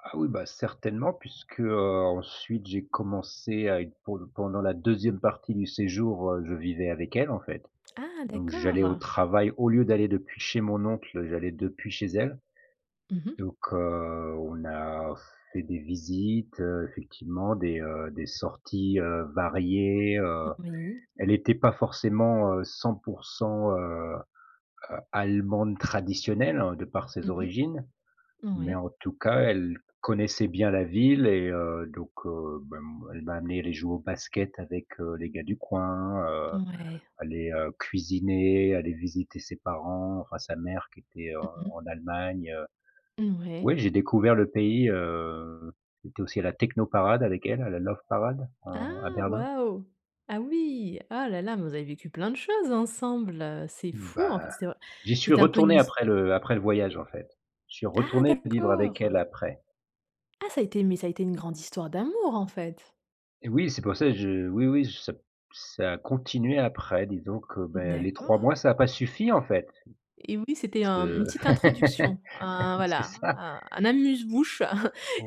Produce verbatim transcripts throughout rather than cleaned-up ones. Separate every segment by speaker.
Speaker 1: Ah oui bah, certainement puisque, heu, ensuite j'ai commencé à être pour le pendant la deuxième partie du séjour, heu, je vivais avec elle en fait.
Speaker 2: Ah,
Speaker 1: Donc j'allais au
Speaker 2: d'accord!
Speaker 1: travail au lieu d'aller depuis chez mon oncle, j'allais depuis chez elle.
Speaker 2: Mmh mh.
Speaker 1: Donc heu, on a fait des visites, heu, effectivement des, heu, des sorties, heu, variées, heu,
Speaker 2: M oui.
Speaker 1: elle était pas forcément, heu, cent pour cent, heu, heu, allemande traditionnelle de par
Speaker 2: Mmh
Speaker 1: ses
Speaker 2: mh.
Speaker 1: origines mais
Speaker 2: Mouais.
Speaker 1: en tout cas elle connaissait bien la ville et heu, donc, heu, ben, m elle m'a amené aller jouer au basket avec, heu, les gars du coin, heu,
Speaker 2: Mouais.
Speaker 1: aller, heu, cuisiner, aller visiter ses parents, enfin sa mère qui était, heu,
Speaker 2: Mmh mh.
Speaker 1: en Allemagne, heu,
Speaker 2: Mmh
Speaker 1: ouais,
Speaker 2: ouais.
Speaker 1: j'ai découvert le pays, heu, j'ai été aussi à la Techno Parade avec elle, à la Love Parade en à
Speaker 2: Ah,
Speaker 1: Berlin.
Speaker 2: waouh! Ah oui, ah là là mais vous avez vécu plein de choses ensemble. C'est fou en fait,
Speaker 1: Ben,
Speaker 2: c'est vr
Speaker 1: j'y suis
Speaker 2: c'était un peu une
Speaker 1: retourné
Speaker 2: his
Speaker 1: après le après le voyage en fait. Je suis
Speaker 2: Ah
Speaker 1: retourné vivre avec elle
Speaker 2: d'accord!
Speaker 1: après.
Speaker 2: Ah ça a été mais ça a été une grande histoire d'amour en fait.
Speaker 1: Et oui c'est pour ça je oui oui, ça p ça a continué après disons que ben, les trois
Speaker 2: D'accord.
Speaker 1: mois ça a pas suffi en fait.
Speaker 2: Et oui, c'était
Speaker 1: Parce
Speaker 2: un une
Speaker 1: que
Speaker 2: petite introduction, un
Speaker 1: c'est
Speaker 2: voilà,
Speaker 1: ça.
Speaker 2: a un amuse bouche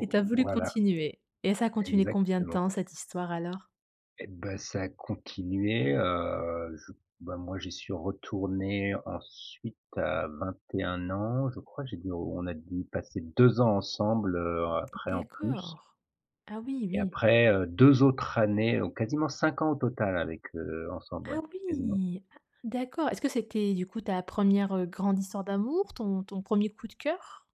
Speaker 2: et tu as voulu
Speaker 1: voilà.
Speaker 2: continuer et ça a continué combien de
Speaker 1: Exactement.
Speaker 2: temps cette histoire alors?
Speaker 1: Et ben ça a continué, heu, je bah, moi j'y suis retourné ensuite à vingt-et-un ans. Je crois, j'ai dû on a du passer deux ans ensemble, heu, après en plus
Speaker 2: D'accord. Ah oui,
Speaker 1: et
Speaker 2: oui.
Speaker 1: après, heu, deux autres années, donc quasiment cinq ans au total avec, heu ensemble, ouais,
Speaker 2: Ah
Speaker 1: quasiment.
Speaker 2: oui, ah d'accord. Est-ce que c'était du coup ta première, heu, grande histoire d'amour, ton ton premier coup de cœur?